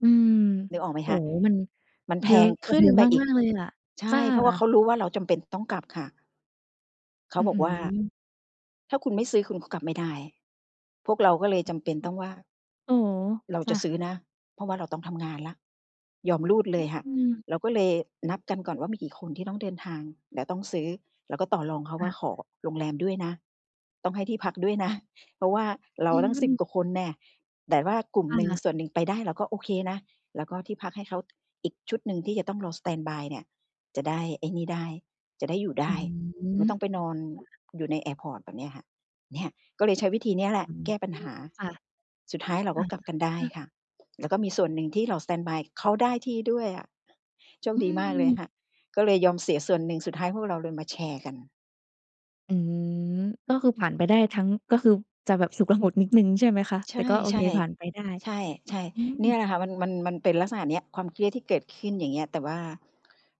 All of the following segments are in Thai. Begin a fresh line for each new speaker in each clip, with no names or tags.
อืม
นึกออกไหม
โอ
ค
้
ะ
โฮ มัน
มันแพ
เยอะ
ง
ก
ข
ว่า
ึ
เ
้
ด
น
ิม
ไปอี
ม
ก
าก ๆ เลยล่ะ
ใช
ถ
่
้า
เพราะเขารู้ว่าเราจำเป็นต้องกลับค่ะ เขา
อื้อ
บอ
ฮ
ก
ื
ว่า
อ
"ถ้าคุณไม่ซื้อคุณก็กลับไม่ได้" พวกเราก็เลยจำเป็นต้องว่า
ฮึ อ อ อ๋อ
เรา
จ
จ
้
ะซ
ะ
ื้อนะ เพราะว่าเราต้องทำงานแล้ว ยอมรูดเลยค่ะ
อือ
เราก็เลยนับกันก่อนว่ามีกี่คนที่ต้องเดินทาง แล้วต้องซื้อ แล้วก็ต่อรองเขาว
ค
่
่
า
ะ
ขอโรงแรมด้วยนะ ต้องให้ที่พักด้วยนะ เพราะว่าเรา
ยิ
ต
ง
ั้ง
มั
สิ
น
บ กว่าคนแหนะ แต่ว่ากลุ่ม
ค
หนึ่ง
่ะ
ส่วนหนึ่งไปได้ เราก็โอเคนะ แล้วก็ที่พักให้เขา อีกชุดหนึ่งที่จะต้องรอสแตนด์บายเนี่ยจะได้ไอ้นี่ได้ จะได้อยู่ได
อื
้ ไม่
อ
ต้องไปนอน
ค่ะ
อยู่ในแอร์พอร์ต แบบเนี้ยค่ะ เนี่ยก็เลยใช้วิธีนี้แหละ
อื
แก้ปัญห
อ
า
ค่ะ
สุดท้ายเรา
อ
ก็กลับกันได้
า
ค่ะ แล้วก็มีส่วนหนึ่งที่รอสแตนบาย เขาได้ที่ด้วยอะ โชค
อ
ดีมากเลย
ือ
ค่ะ ก็เลยยอมเสียส่วนหนึ่ง สุดท้ายพวกเราเลยมาแชร์กัน
อืม ก็คือผ่านไปได้ทั้ง ก็คือจะแบบฉุกละหุกนิดหนึ่ง ใช่ไหมคะ
ใช
แต
่
่ก็โอเค ผ่านไปได้
ๆ ใช่
อื
ๆ เนี่ย
ม
แหละค่ะ มัน มัน มันเป็นลักษณะเนี้ย ความเครียดที่เกิดขึ้น อย่างเงี้ย แต่ว่า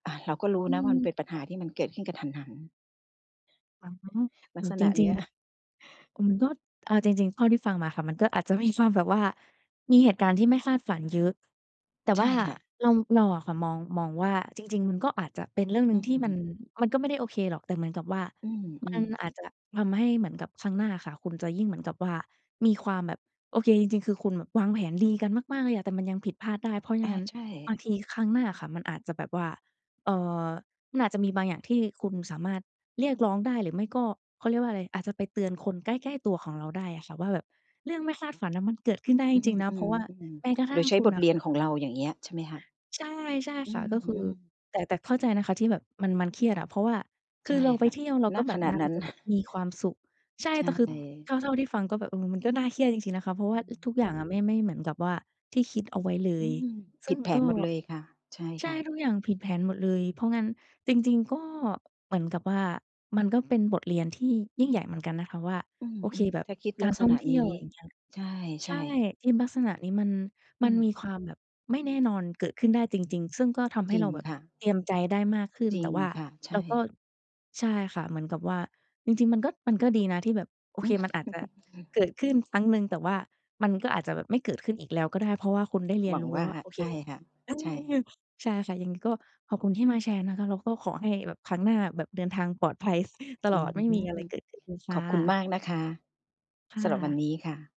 อา เราก็รู้
อื
นะว่าม
ม
ันเป็นปัญ
ค
ห
่
า
ะ
ที่มันเกิดขึ้นกระทันหัน
อา
ลั
อื
กษ
ม จ
ณะเ
ร
น
ิ
ี
ง
้ย
ๆ อืม ก็ เอาจริง ๆ เท่าที่ฟังมาค่ะ มันก็อาจจะมีความแบบว่า มีเหตุการณ์ที่ไม่คาดฝันเยอะ แต่
ใช
ว
่
่า
ค่ะ
เรา เราอะค่ะ มอง มองว่า จริง ๆ มันก็อาจจะเป็นเรื่องหน
อ
ึ
ื
่งที่มัน
ม
มันก็ไม่ได้โอเคหรอก แต่เหมือนกับว่า
อืม อื
มั
ม
นอาจจะแบบทำให้เหมือนกับครั้งหน้าค่ะคุณจะยิ่งเหมือนกับว่ามีความแบบ โอเค จริง ๆ คือคุณวางแผนดีกันมาก ๆ เลยอะ แต่มันยังผิดพลาดได้ เพราะอย่
อ
าง
า
นั้น
ใช่
บางทีครั้งหน้าค่ะมันอาจจะแบบว่า เอ่อ มันอาจจะมีบางอย่างที่คุณสามารถเรียกร้องได้หรือไม่ก็ เขาเรียกว่าอะไร อาจจะไปเตือนคนใกล้ ๆ ตัวของเราได้อะค่ะว่าแบบเรื่องไม่คาดฝันน่ะมันเกิดขึ้นได้จ
อื
ริง ๆ นะ เพราะว่า
ม
แม้
ๆ
กระ
ๆ
ท
โด
ั่
ย
ง
ใช้
คุ
บ
ณ
ท
น่
เ
ะ
รี
ค
ย
่
น
ะ
ของเรา อย่างเงี้ย ใช่ไหมคะ?
ใช่ ใช่
อื
ค่ะ ก็คือ
ม ๆ
แต่ แต่เข้าใจนะคะ ที่แบบมัน มันเครียดอะ เพราะว่าค
ใช
ื
่
อเราไป
ค่ะ
เที่ยว เรา
ณ
ก็แบ
ข
บ
ณะ
น่า
นั้น
จะแบบมีความสุข ใช่
ใช
แต่คือเท
่
่า เท่าที่ฟังก็แบบ เออ มันก็น่าเครียดจริง ๆ นะคะ เพราะว่
อื
า อ ทุก
ม
ทุกอย่างอะไม่ ไม่เหมือนกับว่า ที่คิดเอาไว้เล
อื
ย
อ ผ
ซึ
ิ
่
ด
ง
แผ
ก
น
็
หมดเลยค่ะ ใช่
ใช
ค
่
่ะ
ทุกอย่างผิดแผนหมดเลย เพราะงั้นจริง ๆ ก็เหมือนกับว่ามันก็เป็นบทเรียนที่ยิ่งใหญ่เหมือนกันนะคะว่า
อื
โอเค
ม
แบ
ๆ
บ
ถ้าคิด
ก
ลั
า
ก
ร
ษ
ท่อ
ณะ
งเท
นี
ี่ยว
้
อย่างเงี้ย
ใช
ใช
่
่
ๆ
ทีมลักษณะนี้มัน
อ
ม
ื
ัน
ม
มีความแบบไม่แน่นอนเกิดขึ้นได้จริง ๆ ซึ่งก็ทำให
จ
้
ริ
เร
ง
าแบบ
ค่ะ
เตรียมใจได้มากขึ้น
จริ
แต่
ง
ว่า
ค่ะ ใช
เราก็
่
ใช่ค่ะ เหมือนกับว่าจริง ๆ มันก็ มันก็ดีนะที่แบบ โอเค มันอาจจะเกิดขึ้นครั้งหนึ่ง แต่ว่ามันก็อาจจะแบบไม่เกิดขึ้นอีกแล้วก็ได้ เพราะว่าคุณได้เรี
หว
ยน
ัง
รู้
ว
แล
่
้
า
วว่า โอเ
ใ
ค
ช่ค่ะ
เออ
ใช่ค่ะ
ใช่ค่ะ ยังไงก็ขอบคุณที่มาแชร์นะคะ แล้วก็ขอให้แบบครั้งหน้า แบบเดินทางปลอดภัยต
อ
ล
ื
อด ไม่มีอะไ
อ
รเกิดขึ้นค
ข
่
อบคุณม
ะ
ากนะคะ
ค่
สำหรับวัน
ะ
นี้ค่ะ